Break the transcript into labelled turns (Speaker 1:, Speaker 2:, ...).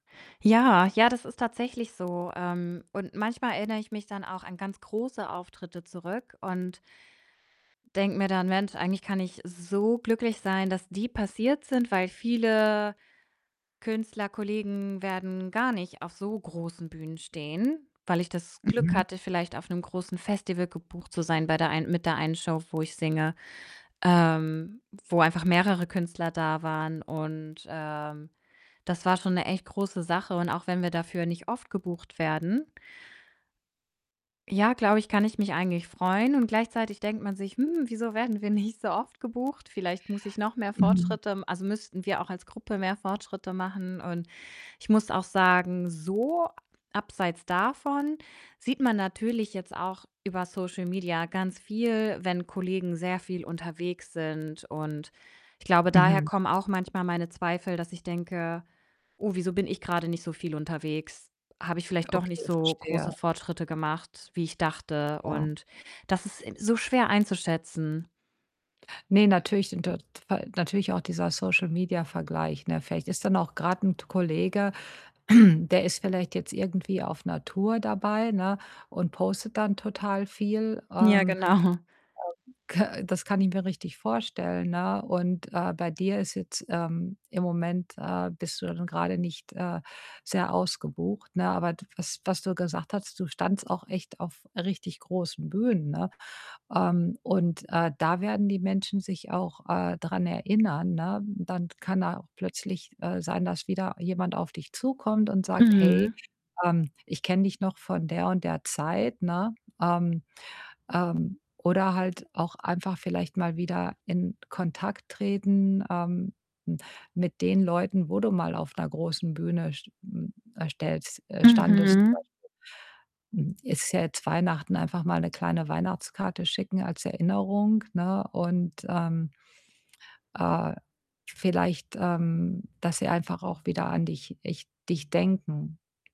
Speaker 1: Ja, ja, das ist tatsächlich so. Ähm, und manchmal erinnere ich mich dann auch an ganz große Auftritte zurück und denke mir dann: „Mensch, eigentlich kann ich so glücklich sein, dass die passiert sind,“ weil viele Künstlerkollegen werden gar nicht auf so großen Bühnen stehen, weil ich das Glück
Speaker 2: Mhm.
Speaker 1: hatte, vielleicht auf 'nem großen Festival gebucht zu sein bei der ein mit der einen Show, wo ich singe, ähm, wo einfach mehrere Künstler da waren und, ähm, das war schon 'ne echt große Sache. Und auch wenn wir dafür nicht oft gebucht werden ja, glaube ich, kann ich mich eigentlich freuen und gleichzeitig denkt man sich: „Hm, wieso werden wir nicht so oft gebucht? Vielleicht muss ich noch mehr
Speaker 2: Mhm.
Speaker 1: Fortschritte m also, müssten wir auch als Gruppe mehr Fortschritte machen.“ Und ich muss auch sagen, so abseits davon sieht man natürlich jetzt auch über Social Media ganz viel, wenn Kollegen sehr viel unterwegs sind. Und ich glaube, daher
Speaker 2: Mhm.
Speaker 1: kommen auch manchmal meine Zweifel, dass ich denke: „Oh, wieso bin ich grade nicht so viel unterwegs? Habe ich vielleicht doch nicht
Speaker 2: Okay,
Speaker 1: so
Speaker 2: verstehe.
Speaker 1: große Fortschritte gemacht, wie ich dachte?“
Speaker 2: Ja.
Speaker 1: Und das ist so schwer einzuschätzen.
Speaker 2: Ne, natürlich sind da [unintelligible] natürlich auch dieser Social-Media-Vergleich, ne? Vielleicht ist dann auch grad 'n t Kollege, der ist vielleicht jetzt irgendwie auf 'ner Tour dabei, ne, und postet dann total viel. Ähm,
Speaker 1: Ja,
Speaker 2: ähm,
Speaker 1: genau.
Speaker 2: k das kann ich mir richtig vorstellen, ne? Und, äh, bei dir ist jetzt, ähm im Moment, äh, bist du dann grade nicht, äh, sehr ausgebucht, ne? Aber d was was du gesagt hast, du standest auch echt auf richtig großen Bühnen, ne? Ähm, und, äh, da werden die Menschen sich auch, äh, dran erinnern, ne? Dann kann da auch plötzlich, äh, sein, dass wieder jemand auf dich zukommt und sagt: „Hey,
Speaker 1: Mhm.
Speaker 2: ähm, ich kenne dich noch von der und der Zeit,“ ne? Ähm, ähm, oder halt auch einfach vielleicht mal wieder in Kontakt treten, ähm, hm, mit den Leuten, wo du mal auf 'ner großen Bühne st m äh, stellst äh, standest, zum
Speaker 1: Mhm.
Speaker 2: Beispiel. Hm, es ist ja jetzt Weihnachten, einfach mal 'ne kleine Weihnachtskarte schicken als Erinnerung, ne? Und, ähm, äh, vielleicht, ähm, dass sie einfach auch wieder an dich ich dich denken.